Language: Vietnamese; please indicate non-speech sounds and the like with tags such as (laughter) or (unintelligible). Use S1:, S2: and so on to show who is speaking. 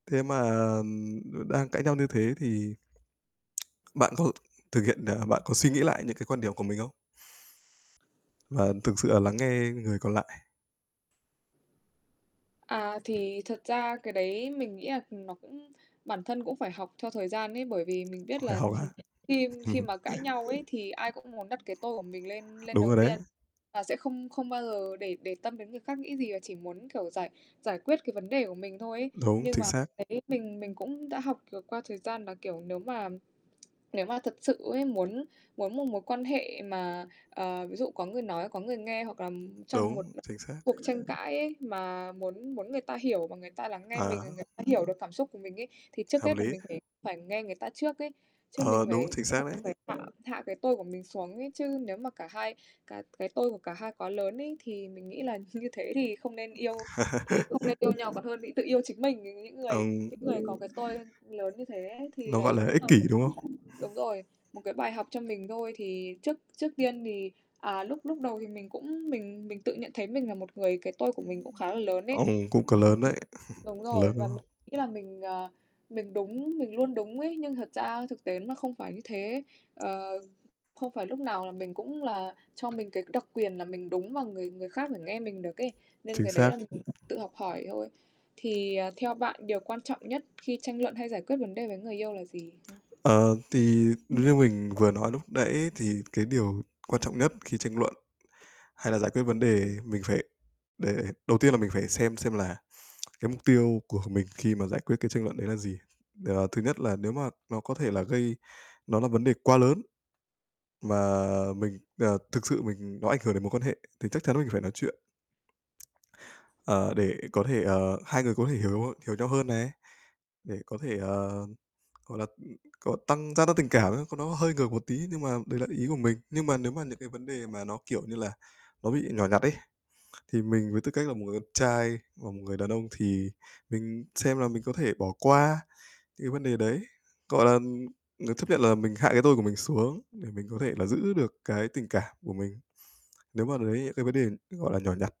S1: Thế mà, ừm đang cãi nhau như thế thì (tsk) bạn có h thực hiện ờ, bạn có suy nghĩ lại những cái quan điểm của mình không? Và thực sự là lắng nghe người còn lại?
S2: À, thì thật ra cái đấy mình nghĩ là, ừm, nó cũng bản thân cũng phải học theo thời gian ấy, bởi vì mình biết
S1: Ôi,
S2: là
S1: học á?
S2: (chuckles) khi khi
S1: (chuckles)
S2: mà cãi nhau ấy thì ai cũng muốn đặt cái tôi của mình lên lên
S1: Đúng
S2: đầu
S1: rồi đấy.
S2: tiên, và sẽ không không bao giờ để để tâm đến người khác nghĩ gì, và chỉ muốn, kiểu, giải giải quyết cái vấn đề của mình thôi ấy.
S1: Đúng,
S2: Nhưng
S1: chính
S2: mà,
S1: xác.
S2: đấy, mình mình cũng đã học được qua thời gian, là, kiểu, nếu mà nếu mà thật sự ấy muốn muốn một mối quan hệ mà, ờ, ví dụ có người nói, có người nghe, hoặc là trong một
S1: Đúng, chính xác.
S2: cuộc tranh cãi ấy mà muốn muốn người ta hiểu mà người ta lắng nghe mình,
S1: Ờ.
S2: rồi người ta hiểu được cảm xúc của mình ấy, thì trước
S1: Hợp
S2: hết là
S1: lý.
S2: mình phải phải nghe người ta trước ấy. Chứ mình
S1: Ờ, đúng,
S2: phải
S1: chính
S2: đúng
S1: xác
S2: rồi,
S1: đấy.
S2: mình phải tạm hạ cái tôi của mình xuống ấy, chứ nếu mà cả hai cái cái tôi của cả hai quá lớn ấy, thì mình nghĩ là như thế thì không nên yêu, thì
S1: (laughs)
S2: không nên yêu nhau còn hơn, đi tự yêu chính mình. Nh Những người
S1: Ừm.
S2: những người có cái tôi lớn như thế ấy, thì
S1: Nó gọi
S2: đấy
S1: là
S2: cũng
S1: ích
S2: là
S1: kỷ, đúng không?
S2: (unintelligible) đúng rồi, một cái bài học cho mình thôi. Thì trước trước tiên thì à, lúc lúc đầu thì mình cũng mình mình tự nhận thấy mình là một người cái tôi của mình cũng khá là lớn ấy,
S1: Ờm, cũng có lớn đấy,
S2: (unintelligible)
S1: (chuckles)
S2: đúng
S1: lớn,
S2: rồi,
S1: đúng
S2: và mình
S1: không?
S2: nghĩ là mình, à, mình đúng, mình luôn đúng ấy. Nhưng thật ra thực tế nó là không phải như thế, ờ, không phải lúc nào là mình cũng là cho mình cái đặc quyền là mình đúng, và người người khác phải nghe mình được ấy, nên
S1: Chính
S2: cái đấy là
S1: xác.
S2: tự học hỏi thôi. Thì, à, theo bạn điều quan trọng nhất khi tranh luận hay giải quyết vấn đề với người yêu là gì, hứm?
S1: Ờ, thì như mình vừa nói lúc nãy, thì cái điều quan trọng nhất khi tranh luận hay là giải quyết vấn đề, mình phải để đầu tiên là mình phải xem xem là cái mục tiêu của mình khi mà giải quyết cái tranh luận đấy là gì. Ờ, thứ nhất là nếu mà nó có thể là gây nó là vấn đề quá lớn, mà mình ờ, thực sự mình nó ảnh hưởng đến mối quan hệ, thì chắc chắn mình phải nói chuyện, ờ, để có thể, ờ, hai người có thể hiểu hiểu nhau hơn này, để có thể, ờ, gọi là, ừm, có tăng gia tăng tình cảm, có nó hơi ngược một tí nhưng mà đấy là ý của mình. Nhưng mà nếu mà những cái vấn đề mà nó, kiểu như là, nó bị nhỏ nhặt ấy, thì mình với tư cách là một người con trai và một người đàn ông, thì mình xem là mình có thể bỏ qua những cái vấn đề đấy, gọi là, ưm, ờ, chấp nhận là mình hạ cái tôi của mình xuống để mình có thể là giữ được cái tình cảm của mình, nếu mà đấy những cái vấn đề, gọi là, nhỏ nhặt.